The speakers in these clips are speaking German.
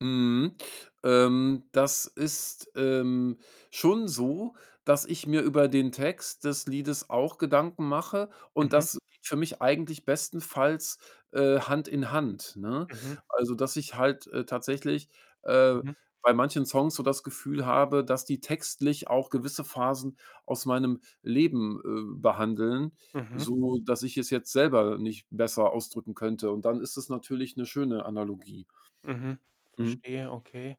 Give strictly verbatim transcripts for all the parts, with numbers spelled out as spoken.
Mhm. Ähm, das ist, ähm, schon so, dass ich mir über den Text des Liedes auch Gedanken mache und Mhm. das geht für mich eigentlich bestenfalls, äh, Hand in Hand, ne? Mhm. Also, dass ich halt, äh, tatsächlich, äh, Mhm. bei manchen Songs so das Gefühl habe, dass die textlich auch gewisse Phasen aus meinem Leben, äh, behandeln, Mhm. so dass ich es jetzt selber nicht besser ausdrücken könnte und dann ist es natürlich 'ne schöne Analogie. Mhm. Mhm. Verstehe, okay.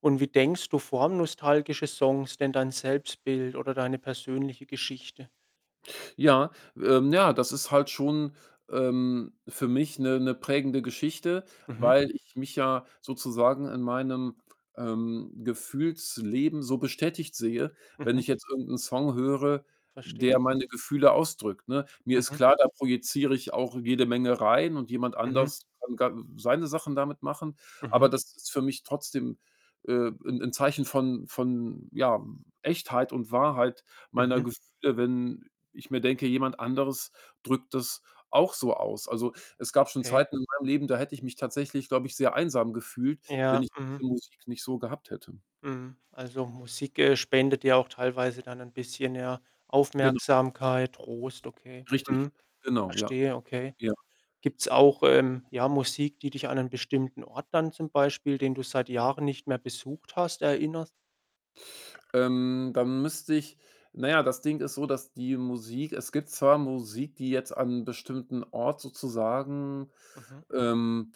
Und wie, denkst du, formen nostalgische Songs denn dein Selbstbild oder deine persönliche Geschichte? Ja, ähm, ja, das ist halt schon, ähm, für mich 'ne 'ne prägende Geschichte, Mhm. weil ich mich ja sozusagen in meinem, ähm, Gefühlsleben so bestätigt sehe, wenn Mhm. ich jetzt irgend 'n Song höre, Verstehe. der meine Gefühle ausdrückt, ne? Mir ist Mhm. klar, da projiziere ich auch jede Menge rein, und jemand Mhm. anders kann ga seine Sachen damit machen. Mhm. Aber das ist für mich trotzdem, äh, 'n 'n Zeichen von von, ja, W Echtheit und Wahrheit meiner Mhm. Gefühle, wenn ich mir denke, jemand anderes drückt das auch so aus. Also, es gab schon Okay. Zeiten in meinem Leben, da hätte ich mich tatsächlich, glaube ich, sehr einsam gefühlt, wenn Ja, ich mhm. diese Musik nicht so gehabt hätte. Mhm. Also, Musik, äh, spendet dir auch teilweise dann 'n bisschen, ja, Genau. Aufmerksamkeit, Trost, okay. Richtig, Mhm. genau, ja. Verstehe, okay. Ja. Gibt's auch, ähm, ja, Musik, die dich an einen bestimmten Ort dann, zum Beispiel den du seit Jahren nicht mehr besucht hast, erinnert? Ähm, dann müsste ich na ja, das Ding ist so, dass die Musik es gibt zwar Musik, die jetzt an 'n bestimmten Ort sozusagen Mhm. ähm,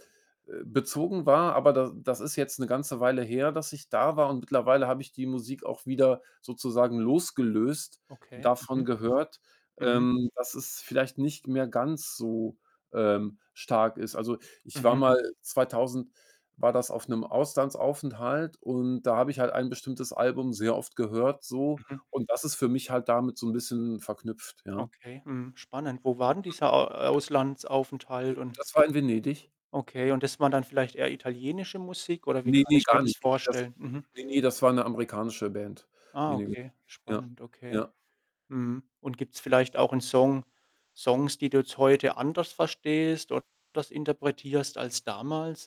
äh, bezogen war. Aber da das ist jetzt 'ne ganze Weile her, dass ich da war, und mittlerweile habe ich die Musik auch wieder sozusagen losgelöst Okay. davon Mhm. gehört, Mhm. ähm, dass es vielleicht nicht mehr ganz so, ähm, stark ist. Also, ich war Mhm. mal zweitausend war das auf 'nem Auslandsaufenthalt, und da habe ich halt ein bestimmtes Album sehr oft gehört so Mhm. und das ist für mich halt damit so 'n bisschen verknüpft, ja. Okay, mhm, spannend. Wo war denn [unintelligible] dieser, äh, Äh, Auslandsaufenthalt? Und das war in Venedig? Okay. Und das war dann vielleicht eher italienische Musik oder wie Ne, kann ne, ich mir gar das nicht. Ne, ne, das vorstellen? Mhm. ne, ne das war 'ne amerikanische Band. Ne, Ah, ne. okay. Ja. Spannend. Okay. ja. Mhm. Und gibt's vielleicht auch 'n Song Songs, die du jetzt heute anders verstehst oder das interpretierst als damals?